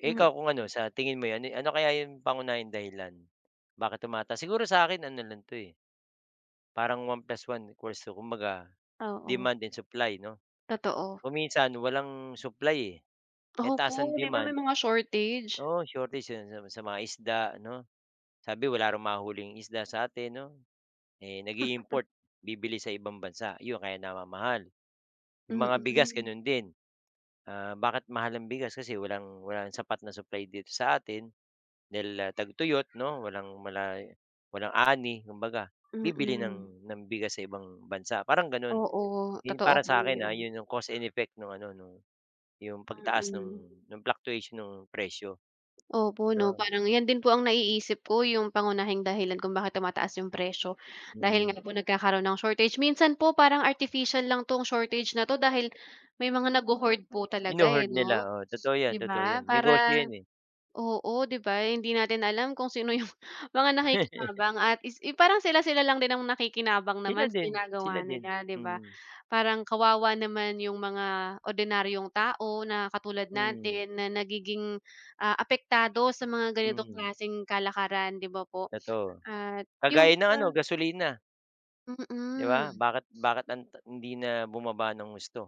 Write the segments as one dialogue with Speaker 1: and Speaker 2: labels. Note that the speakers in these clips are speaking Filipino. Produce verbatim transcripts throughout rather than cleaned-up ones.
Speaker 1: Eh,
Speaker 2: Mm.
Speaker 1: ikaw, kung ano, sa tingin mo 'yon ano kaya yung pangunahing dahilan bakit tumataas? Siguro sa akin ano lang 'to, eh parang one plus one equals two. Kumbaga,
Speaker 2: Oo.
Speaker 1: demand and supply 'no?
Speaker 2: Totoo.
Speaker 1: Kung minsan walang supply, eh. Eh, ang taas ng
Speaker 2: Opo, 'di ba may
Speaker 1: demand.
Speaker 2: mga shortage?
Speaker 1: Oo, shortage, yun. Sa mga sa mga isda, 'no? Sabi, wala raw mahuling isda sa atin 'no? Eh, nag-i-import. Bibili sa ibang bansa. Yun kaya namamahal. Yung mga bigas
Speaker 2: Mm.
Speaker 1: ganun din. Ah, bakit mahal ang bigas? Kasi walang walang sapat na supply dito sa atin dahil, ah, tagtuyot 'no, walang wala'y walang ani, kumbaga. Bibili
Speaker 2: Mm.
Speaker 1: ng ng bigas sa ibang bansa, parang gano'n.
Speaker 2: Oo,
Speaker 1: Yun
Speaker 2: totoo
Speaker 1: para
Speaker 2: po
Speaker 1: sa akin, ah,
Speaker 2: 'yan.
Speaker 1: 'yun 'yong cause and effect no'ng ano, no'ng 'yong pagtaas ng
Speaker 2: Mm.
Speaker 1: ng fluctuation ng presyo,
Speaker 2: Opo, 'no?
Speaker 1: 'no?
Speaker 2: Parang 'yan din po ang naiisip ko, yung pangunahing dahilan kung bakit tumataas yung presyo dahil
Speaker 1: Mm.
Speaker 2: nga po nagkakaroon ng shortage. Minsan po parang artificial lang 'tong shortage na 'to dahil may mga nagho-hoard po talaga eh,
Speaker 1: Hino-hoard
Speaker 2: 'no,
Speaker 1: nila. Oo, totoo
Speaker 2: 'di
Speaker 1: 'yan, totoo
Speaker 2: ba?
Speaker 1: 'yan. Negosyo
Speaker 2: Parang
Speaker 1: 'yan, eh.
Speaker 2: oo, 'di ba? Hindi natin alam kung sino yung mga nakikinabang. At is parang sila-sila lang din ang nakikinabang naman
Speaker 1: Sila
Speaker 2: sa
Speaker 1: din,
Speaker 2: ginagawa
Speaker 1: sila din.
Speaker 2: nila, 'di ba?
Speaker 1: Mm.
Speaker 2: Parang kawawa naman yung mga ordinaryong tao na katulad
Speaker 1: Mm.
Speaker 2: natin na nagiging, ah, apektado sa mga ganitong
Speaker 1: Mm.
Speaker 2: klaseng kalakaran, 'di ba po?
Speaker 1: Totoo.
Speaker 2: At yung
Speaker 1: Kagaya ng ano,
Speaker 2: sa
Speaker 1: gasolina. 'Di ba?
Speaker 2: Mm.
Speaker 1: Bakit bakit anta hindi na bumaba ng husto.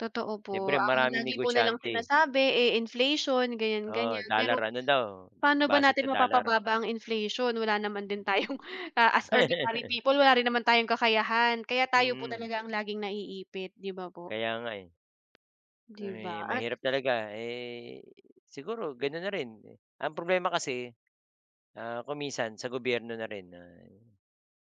Speaker 2: Totoo po.
Speaker 1: Siyempre,
Speaker 2: Ang
Speaker 1: maraming
Speaker 2: lagi po nilang
Speaker 1: negosyante.
Speaker 2: sinasabi, eh, inflation, ganyan,
Speaker 1: Oo,
Speaker 2: ganyan.
Speaker 1: dollar
Speaker 2: Pero
Speaker 1: ano daw,
Speaker 2: pa'no ba
Speaker 1: base
Speaker 2: natin
Speaker 1: sa dollar.
Speaker 2: mapapababa ang inflation? Wala naman din tayong, ah, as ordinary people, wala rin naman tayong kakayahan. Kaya tayo po
Speaker 1: Hmm.
Speaker 2: talaga ang laging naiipit, 'di ba po?
Speaker 1: Kaya nga, eh.
Speaker 2: 'Di ba?
Speaker 1: Eh,
Speaker 2: At
Speaker 1: mahirap talaga. Eh, siguro, ganun na rin. Ang problema kasi, ah, kung minsan, sa gobyerno na rin na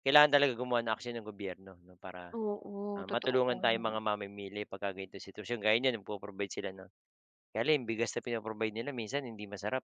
Speaker 1: kailangan talaga gumawa ng aksiyon ang gobyerno 'no, para,
Speaker 2: Oo,
Speaker 1: ah,
Speaker 2: totoo po
Speaker 1: matulungan tayong
Speaker 2: 'yon.
Speaker 1: mga mamimili pagka gan'tong sitwasyon. Gaya niyan, nag-po-provide sila ng kaya lang 'yong bigas na pino-provide nila minsan, hindi masarap.